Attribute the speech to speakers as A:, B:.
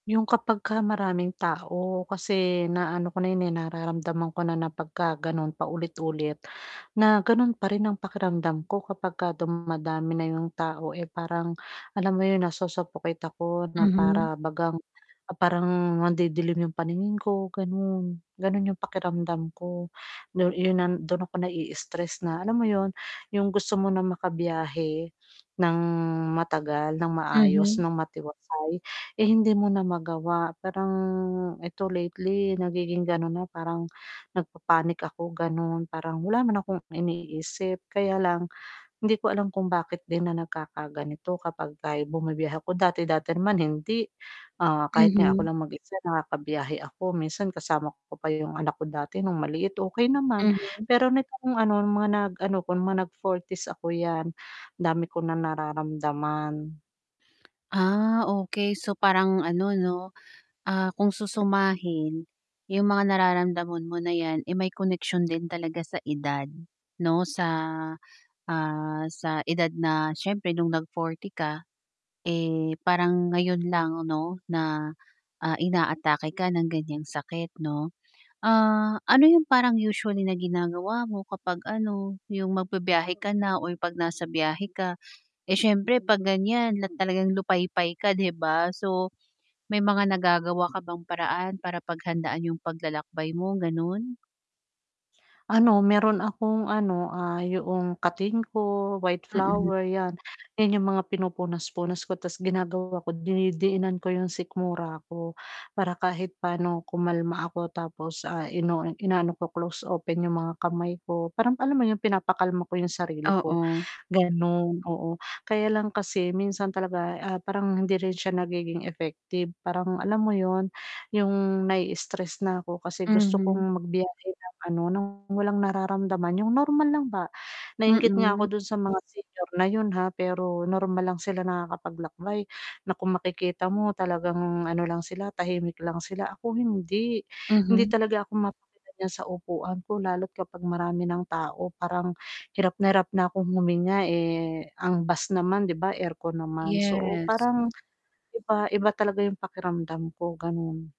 A: Yung kapag ka maraming tao kasi naano ko na 'yun, eh, nararamdaman ko na, na pagka gano'n paulit-ulit na, ganun pa rin ang pakiramdam ko kapag ka dumadami na 'yong tao, eh, parang alam mo 'yon nasusuffocate ako na
B: Mhm.
A: para bagang parang nandidilim 'yong paningin ko ganon, ganon yung pakiramdam ko, do'n, 'yun, ah, dun ako nai-istress na, alam mo 'yun, yung gusto mo ng makabiyahe, ng matagal, ng maayos,
B: Mhm.
A: ng matiwasay, eh, hindi mo na magawa parang, 'eto lately nagiging ganon na parang, nagpapanic ako ganon, parang wala naman akong iniisip kaya lang, hindi ko alam kung bakit din na nagkakaganito kapag ka bumibiyahe ako, dati-dati naman hindi, ah, kahit nga ako
B: Mhm.
A: lang mag-isa nakakabiyahe ako minsan kasama ko pa yung anak ko dati nung maliit okey naman,
B: Mhm.
A: pero nitong ano mga nag-ano ko, mga nag 40's 'yan, dami ko na nararamdaman.
B: Ah, okey, so parang ano 'no, ah, kung susumahin, yung mga nararamdaman mo na 'yan, eh, may koneksyon din talaga sa edad, 'no sa, ah, sa edad na siyempre nung nag 40 ka, eh parang ngayon lang 'no, na, ah inaatake ka ng ganyang sakit 'no? Ah, ano yung parang usually na ginagawa mo kapag ano, 'yung magbi-biyahe ka na o yung 'pag nasa biyahe ka, eh, siyempre 'pag ganyan lat talagang lupaypay ka 'di ba? So, may mga nagagawa ka bang paraan para paghandaan yung paglalakbay mo ganun?
A: Ano meron akong ano, ah, yoong katinko, white
B: Mm.
A: flower 'yan, 'yan yung mga pinupunas-punas ko 'tas ginagawa ko dinidiinan ko yung sikmura ko, para kahit pa'no kumalma ako tapos, ah, ino-o inaano ko close open yung mga kamay ko, parang alam mo yung pinapakalma ko yung sarili ko,
B: Oo.
A: ganun, oo, kaya lang kasi minsan talaga, ah, parang hindi rin siya nagiging effective parang alam mo 'yun, yung nai-istress na ako kasi gusto
B: Mhm.
A: kong magbiyahe ng ano ng walang nararamdaman yung normal lang ba, nainggit nga ako
B: Mm.
A: dun sa mga senior na 'yun ha, pero normal lang sila nakakapaglakbay, na kung makikita mo talagang ano lang sila tahimik lang sila ako hindi, hindi
B: Mhm.
A: talaga ako ma [unintelligible] sa upuan ko, lalo't kapag marami ng tao parang, hirap na hirap na akong huminga, eh, ang bus naman 'di ba aircon naman so,
B: Yes.
A: parang iba, iba talaga yung pakiramdam ko, ganon.